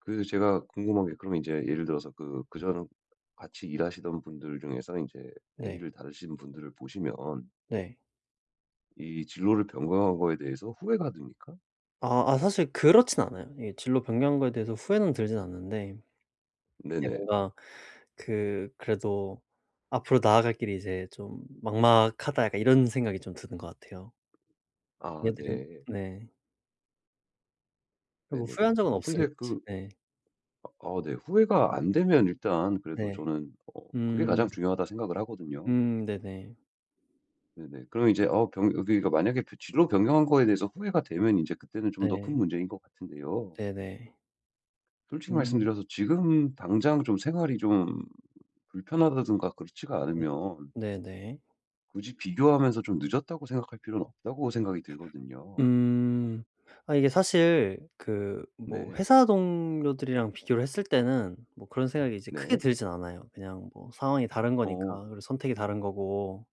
그 제가 궁금한 게 그러면 인제 예를 들어서 그 그전 같이 일하시던 분들 중에서는 인제 네. 대리를 다루시는 분들을 보시면 네. 이 진로를 변경한 거에 대해서 후회가 됩니까? 아. 아, 사실 그렇진 않아요. 이게 진로 변경한 거에 대해서 후회는 들진 않는데 근데 네네. 뭔가 그 그래도 '앞으로 나아갈 길이 이제 좀 막막하다.' 약간 이런 생각이 좀 드는 것 같아요. 아. 애들은 네. 네. 네. 뭐 네네네. 후회한 적은 어 없어요. 근데 그 네. 어 네. 후회가 안 되면 일단 그래도 네. 저는 어 그게 가장 음. 중요하다 생각을 하거든요. 음. 네네. 네네. 그럼 이제 어 변 여기가 만약에 진로 변경한 거에 대해서 후회가 되면 이제 그때는 좀 더 큰 네. 문제인 것 같은데요. 네네. 솔직히 음. 말씀드려서 지금 당장 좀 생활이 좀 불편하다든가 그렇지가 네. 않으면 네네. 굳이 비교하면서 좀 늦었다고 생각할 필요는 없다고 생각이 들거든요. 음. 아 이게 사실 그 뭐 네. 회사 동료들이랑 비교를 했을 때는 뭐 그런 생각이 이제 크게 네. 들진 않아요. 그냥 뭐 상황이 다른 거니까, 어. 그리고 선택이 다른 거고.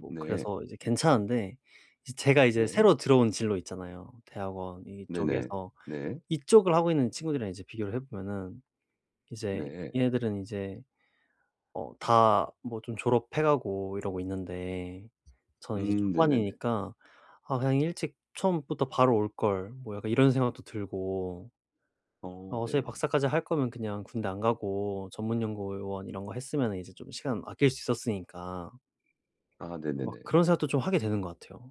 뭐 네. 그래서 이제 괜찮은데 이 제가 이제 네. 새로 들어온 진로 있잖아요. 대학원 네네. 이쪽에서 네. 이쪽을 하고 있는 친구들이랑 이제 비교를 해 보면은 이제 네. 얘네들은 이제 어 다 뭐 좀 졸업해 가고 이러고 있는데 저는 이제 음. 네네네. 초반이니까 '아 그냥 일찍 처음부터 바로 올 걸.' 뭐 약간 이런 생각도 들고 어. 어 소위 네. 박사까지 할 거면 그냥 군대 안 가고 전문 연구원 음. 이런 거 했으면은 이제 좀 시간 아낄 수 있었으니까 아. 막 네네네. 그런 생각도 좀 하게 되는 것 같아요.